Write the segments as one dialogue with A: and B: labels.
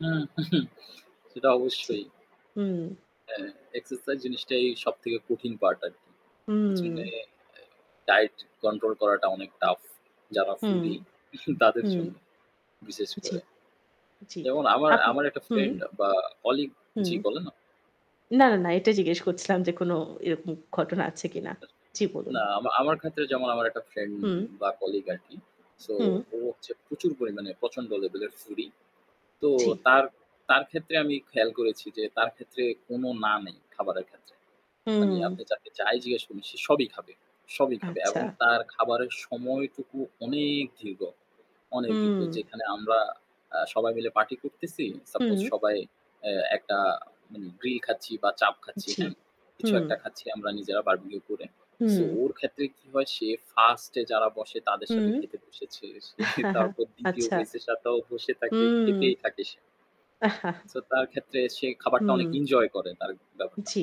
A: হুম, উহু, সেটা
B: জ্বি।
A: অবশ্যই।
B: হুম।
A: হাঁঁ, এক্সারসাইজ জিনিসটাই সবথেকে কঠিন পার্ট আরকি। পেছনে
B: হুম।
A: এ ডায়েট কন্ট্রোল করাটা অনেক টাফ, যারা
B: হুম,
A: ফুডি তাদের
B: হুম।
A: জন্য বিশেষ
B: জ্বি,
A: করে।
B: জ্বি
A: যেমন আমার
B: আপনি
A: আমার একটা
B: হুম।
A: ফ্রেন্ড বা কলিগ
B: হুম,
A: জি বলে না।
B: না, না এটা জিজ্ঞেস করছিলাম যে কোন এরকম ঘটনা আছে কিনা। জ্বি, বলুন।
A: না আমা আমার ক্ষেত্রে যেমন আমার একটা ফ্রেন্ড
B: হুম।
A: বা কলিগ আরকি। সো
B: হুম।
A: ও হচ্ছে প্রচুর পরিমাণে প্রচন্ড লেভেলের ফুডি। তো
B: জি।
A: তার তার ক্ষেত্রে আমি খেয়াল করেছি যে তার ক্ষেত্রে কোনো না নেই খাবারের ক্ষেত্রে। মানে আপনি
B: হুম।
A: তাকে যাই জিজ্ঞাসা করুন সে সবই খাবে সবই খাবে। এবং
B: আচ্ছা।
A: তার খাবারের সময়টুকু অনেক দীর্ঘ অনেক দীর্ঘ।
B: হুম।
A: যেখানে আমরা আ সবাই মিলে পার্টি করতেছি। সাপোজ
B: হুম।
A: সবাই এ একটা উম গ্রিল খাচ্ছি বা চাপ খাচ্ছি,
B: জ্বি,
A: হ্যাঁ?
B: হু।
A: কিছু একটা খাচ্ছি আমরা নিজেরা বারবিকিউ করে। সো
B: হুম।
A: ওর ক্ষেত্রে কি হয় সে 1st এ যারা বসে তাদের সাথে
B: হুম।
A: খেতে বসেছে। সে তারপর ২য়
B: আচ্ছা।
A: ব্যাচের এর সাথেও বসে থাকে।
B: হুম।
A: খেতেই থাকে সে। সো তার ক্ষেত্রে সে খাবারটা
B: হুম।
A: অনেক এনজয় করে তার ব্যাপারটা।
B: জ্বি।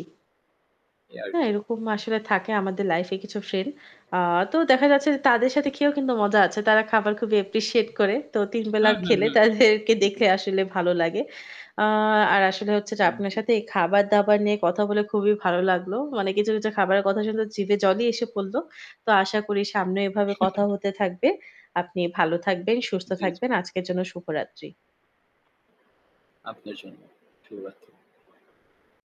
A: এই আরকি।
B: হাঁ, এরকম আসলে থাকে আমাদের লাইফ এ কিছু ফ্রেন্ড। আ তো দেখা যাচ্ছে যে তাদের সাথে
A: হু।
B: খেয়েও কিন্তু মজা আছে। তারা খাবার খুবই অ্যাপ্রিশিয়েট করে। তো ৩ বেলা
A: হু, হু,
B: খেলে
A: হু, হু,
B: তাদেরকে
A: হু।
B: দেখে আসলে ভালো লাগে। আ আর আসলে হচ্ছে যে
A: হুম,
B: আপনার
A: জি।
B: সাথে খাবার দাবার নিয়ে কথা বলে খুবই ভালো লাগলো। মানে কিছু, কিছু খাবারের কথা শুনতে জিভে জলই এসে পড়ল। তো আশা করি সামনে এভাবে কথা হতে থাকবে। আপনি ভালো থাকবেন, সুস্থ
A: জ্বি, জ্বি।
B: থাকবেন। আজকের জন্য শুভরাত্রি।
A: আপনার জন্যে, শুভ রাত্রি।